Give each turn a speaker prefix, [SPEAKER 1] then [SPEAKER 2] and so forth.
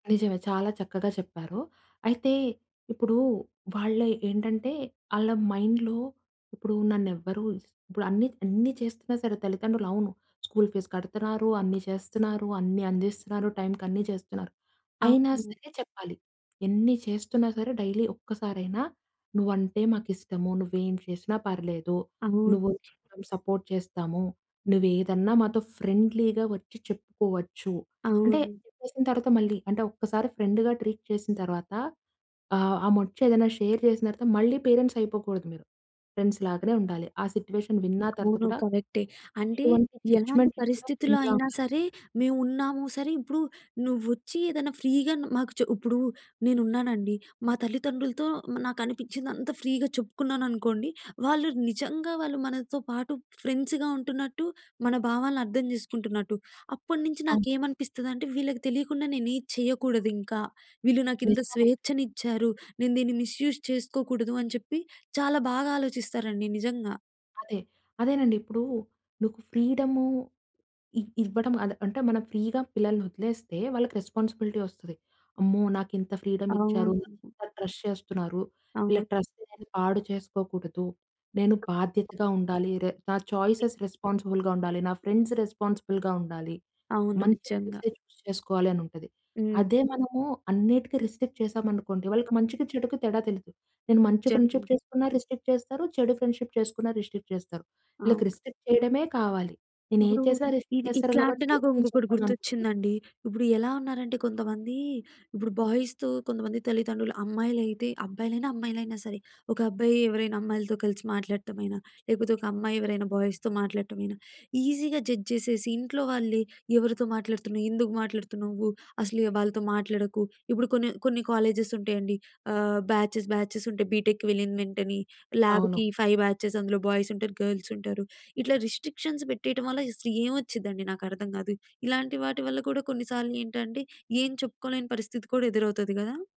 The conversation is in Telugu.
[SPEAKER 1] నిజమే చాలా చక్కగా చెప్పారు. అయితే ఇప్పుడు వాళ్ళయి ఏంటంటే, ఆళ్ళ మైండ్‌లో ఇప్పుడు నన్ను ఎవ్వరు ఇప్పుడు అన్ని అన్ని చేస్తున్నా సరే తల్లిదండ్రులు అవును స్కూల్ ఫీజ్ కడుతున్నారు. అన్ని చేస్తున్నారు. అన్ని అందిస్తున్నారు. టైమ్‌కన్నీ చేస్తున్నారు. అయినా
[SPEAKER 2] అవును.
[SPEAKER 1] సరే చెప్పాలి. ఎన్ని చేస్తున్నా సరే, డైలీ ఒక్కసారైనా నువ్వు అంటే మాకిష్టము. నువ్వు ఏం చేసినా పర్లేదు. నువ్వు
[SPEAKER 2] అవును.
[SPEAKER 1] సపోర్ట్ చేస్తాము. నువ్వు ఏదన్నా మాతో ఫ్రెండ్లీగా వచ్చి చెప్పుకోవచ్చు. అంటే
[SPEAKER 2] అవును.
[SPEAKER 1] చెప్పేసిన తర్వాత మళ్ళీ అంటె ఒక్కసారి ఫ్రెండ్‌గా ట్రీట్ చేసిన తర్వాత ఆహ్, ఆమె వచేదైనా షేర్ చేసిన తర్వాత, మళ్ళీ పేరెంట్స్ అయిపోకూడదు మీరు. ఫ్రెండ్స్ లాగానే ఉండాలి. ఆ సిట్యుయేషన్ విన్న తర్వాత
[SPEAKER 2] అవును
[SPEAKER 1] కూడా,
[SPEAKER 2] కరెక్టే. అంటే
[SPEAKER 1] ఎటువంటి
[SPEAKER 2] ఎలాంటి
[SPEAKER 1] జడ్జ్మెంట్ లేకుండా
[SPEAKER 2] పరిస్థితుల్లో
[SPEAKER 1] ఫ్రెండ్‌లా
[SPEAKER 2] అయినా
[SPEAKER 1] ఉండాలి.
[SPEAKER 2] సరే, మేము ఉన్నాము. సరే ఇప్పుడు నువ్వు వచ్చి ఏదైనా ఫ్రీగా న్ మాకు చె ఇప్పుడు నేనున్నానండి, మా తల్లిదండ్రులతో నాకు అనిపించింది అంతా ఫ్రీగా చెప్పుకున్నాను అనుకోండి. వాళ్ళు నిజంగా వాళ్ళు మనతో పాటు ఫ్రెండ్స్‌గా ఉంటున్నట్టు మన భావాలను అర్థం చేసుకుంటున్నట్టు. అప్పటినుంచి
[SPEAKER 1] అవును.
[SPEAKER 2] నాకేమనిపిస్తదంటే వీళ్ళకి తెలియకుండా నేను ఏది చేయకూడదు ఇంకా. వీళ్ళు నాకు ఇంత
[SPEAKER 1] నిజంగా‌నే.
[SPEAKER 2] స్వేచ్ఛ‌న్నిచ్చారు. నేను దీన్ని మిస్యూస్ చేసుకోకూడదు అని చెప్పి చాలా బాగా ఆలోచిస్తారండి నిజంగా.
[SPEAKER 1] అదే అదేనండి. ఇప్పుడు నీకు ఫ్రీడము ఇ ఇవ్వడం. అదే అంటే మనం ఫ్రీ‌గా పిల్లల్ని వదిలేస్తే, వాళ్ళకి రెస్పాన్సిబిలిటీ వస్తది. అమ్మో! నాకు ఇంత ఫ్రీడమ్ ఇచ్చారు.
[SPEAKER 2] అవును.
[SPEAKER 1] ఇంత ట్రస్ట్ చేస్తున్నారు. వీళ్ళ
[SPEAKER 2] అవును.
[SPEAKER 1] ట్రస్ట్ నేను పాడు చేసుకోకూడదు. నేను బాధ్యతగా ఉండాలి. రే నా చాయిసేస్ రెస్పాన్సిబుల్‌గా ఉండాలి. నా ఫ్రెండ్స్ రెస్పాన్సిబుల్‌గా ఉండాలి.
[SPEAKER 2] అవును.
[SPEAKER 1] మంచి ఫ్రెండ్స్
[SPEAKER 2] నిజంగా.
[SPEAKER 1] చూజ్ చేసుకోవాలి అని ఉంటది.
[SPEAKER 2] హ్మ్.
[SPEAKER 1] అదే మనము అన్నిటికి రిస్ట్రిక్ట్ చేసాము అనుకోండి. వాళ్ళకి మంచికి చెడుకి తేడా తెలియదు. నేను మంచి ఫ్రెండ్షిప్
[SPEAKER 2] జరిగింది.
[SPEAKER 1] చేసుకున్న రిస్ట్రిక్ట్ చేస్తారు. చెడు ఫ్రెండ్షిప్ చేసుకున్న రిస్ట్రిక్ట్ చేస్తారు. వీళ్ళకి
[SPEAKER 2] అవును.
[SPEAKER 1] రిస్ట్రిక్ట్ చేయడమే కావాలి. నేను ఏది
[SPEAKER 2] ఇప్పుడు
[SPEAKER 1] చేసినా రిస్ట్రిక్ట్
[SPEAKER 2] ఇది
[SPEAKER 1] చేస్తారు
[SPEAKER 2] ఇట్లా అంటే
[SPEAKER 1] కాబట్టి
[SPEAKER 2] నాకు
[SPEAKER 1] నేను
[SPEAKER 2] ఇంకొకటి
[SPEAKER 1] చెప్పననుకున్న.
[SPEAKER 2] గుర్తొచ్చిందండి. ఇప్పుడు ఎలా ఉన్నారంటే కొంతమంది ఇప్పుడు బాయ్స్‌తో కొంతమంది తల్లిదండ్రులు అమ్మాయిలు అయితే అబ్బాయిలైనా అమ్మాయిలైనా సరే, ఒక అబ్బాయి ఎవరైనా అమ్మాయిలతో కలిసి మాట్లాడటం అయిన లేకపోతే ఒక అమ్మాయి ఎవరైనా బాయ్స్‌తో మాట్లాడటం అయిన, ఈజీగా జడ్జ్ చేసేసి, ఇంట్లో వాళ్ళే ఎవరితో మాట్లాడుతున్నావు? ఎందుకు మాట్లాడుతున్నావు? అసలు య వాళ్ళతో మాట్లాడకు. ఇప్పుడు కొన్ని కొన్ని కాలేజెస్ ఉంటాయండి. ఆహ్, బ్యాచెస్ బ్యాచెస్ ఉంటాయి. బీటెక్కి వెళ్ళిన వెంటనే
[SPEAKER 1] అవును.
[SPEAKER 2] ల్యాబ్‌కి 5 బ్యాచెస్ అందులో బాయ్స్ ఉంటారు. గర్ల్స్ ఉంటారు. ఇట్లా రిస్ట్రిక్షన్స్ పెట్టేయటం వల్ల అసలు ఏం వచ్చిందండి నాకర్థం కాదు. ఇలాంటి వాటి వల్ల కూడా కొన్నిసార్లు ఏంటంటే, ఏం చెప్పుకోలేని పరిస్థితి కూడా ఎదురవుతది కదా!